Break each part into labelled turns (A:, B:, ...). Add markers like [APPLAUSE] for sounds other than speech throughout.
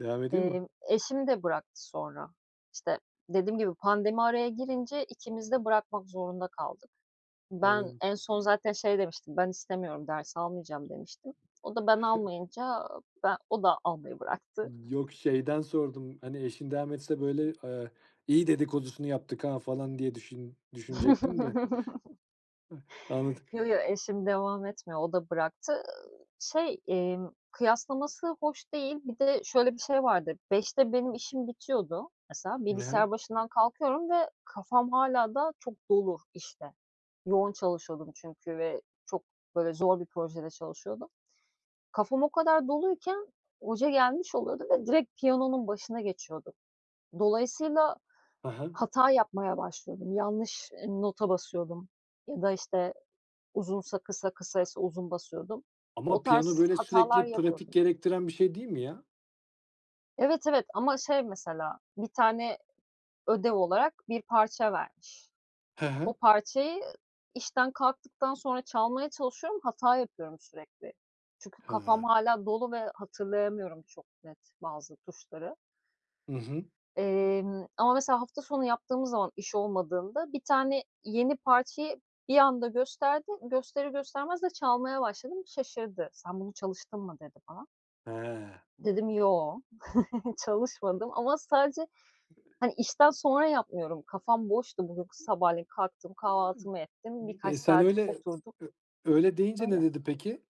A: Devam edeyim mi?
B: Eee, eşim de bıraktı sonra. İşte, dediğim gibi pandemi araya girince ikimiz de bırakmak zorunda kaldık. Ben
A: Anladım.
B: en son zaten şey demiştim, "Ben istemiyorum ders almayacağım. "demiştim.
A: [CHUCKLES]
B: O da ben almayınca, ben o da almayı bıraktı.
A: Yok şeyden sordum hani eşin devam etse, böyle, eee, "iyi dedikodusunu yaptık ha!" falan diye düşün düşünecektim de.
B: [CHUCKLES]
A: Hıı, anladık.
B: Yo, yo, eşim devam etmiyor, o da bıraktı. Iıı, şey, emm, kıyaslaması hoş değil. Bir de şöyle bir şey vardı 17.00'de benim işim bitiyordu mesela bilgisayar
A: [UNINTELLIGIBLE]
B: başından kalkıyorum ve kafam hâlâ daha çok dolu, işte, yoğun çalışıyordum çünkü ve çok böyle zor bir projede çalışıyordum. Kafam o kadar doluyken, hoca gelmiş oluyordu ve direkt piyanonun başına geçiyordu. Dolayısıyla
A: He he.
B: hata yapmaya başlıyordum. Yanlış, ııı, nota basıyordum ya da, işte, uzunsa kısa kısaysa uzun basıyordum. O
A: Ama piyano,
B: tarz
A: böyle,
B: hatalar
A: sürekli pratik
B: yapıyordum.
A: gerektiren bir şey değil mi ya?
B: Evet, evet, ama şey mesela 1 tane ödev olarak bir parça vermiş.
A: He he.
B: O parçayı işten kalktıktan sonra çalmaya çalışıyorum hata yapıyorum sürekli çünkü kafam
A: He.
B: hâlâ dolu ve hatırlayamıyorum çok net bazı tuşları.
A: Hı hı.
B: Emm, ama mesela hafta sonu yaptığımız zaman iş olmadığında bir tane yeni parçayı bir anda gösterdi, gösterir göstermez de çalmaya başladım şaşırdı. "Sen bunu çalıştın mı?" dedi bana,
A: He.
B: dedim "yoo" [CHUCKLES] çalışmadım ama sadece hani işten sonra yapmıyorum kafam boştu. Bugün sabahleyin kalktım kahvaltımı ettim
A: Iıı. Bir de
B: birkaç
A: sen
B: saat
A: öyle
B: oturdum.
A: ö öyle deyince ne
B: Böyle.
A: dedi peki?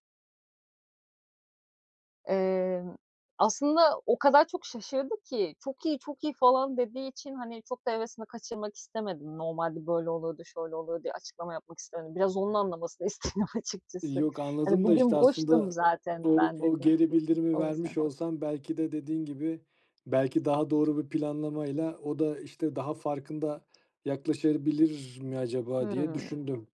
B: Imm, aslında o kadar çok şaşırdı ki, "çok iyi, çok iyi!" falan dediği için hani çok da hevesini kaçırmak istemedim. Normalde böyle oluyordu, şöyle oluyordu diye açıklama yapmak istemedim. Biraz onun anlamasını istedim açıkçası.
A: Yok
B: "Hani
A: anladım da,
B: bugün
A: işte,
B: boştum
A: aslında
B: zaten
A: o
B: ben"
A: o
B: dedim,
A: geri bildirimi
B: o yüzden.
A: vermiş olsan belki de dediğin gibi belki daha doğru bir planlamayla o da işte daha farkında yaklaşabilir mi acaba diye
B: Hımm.
A: düşündüm.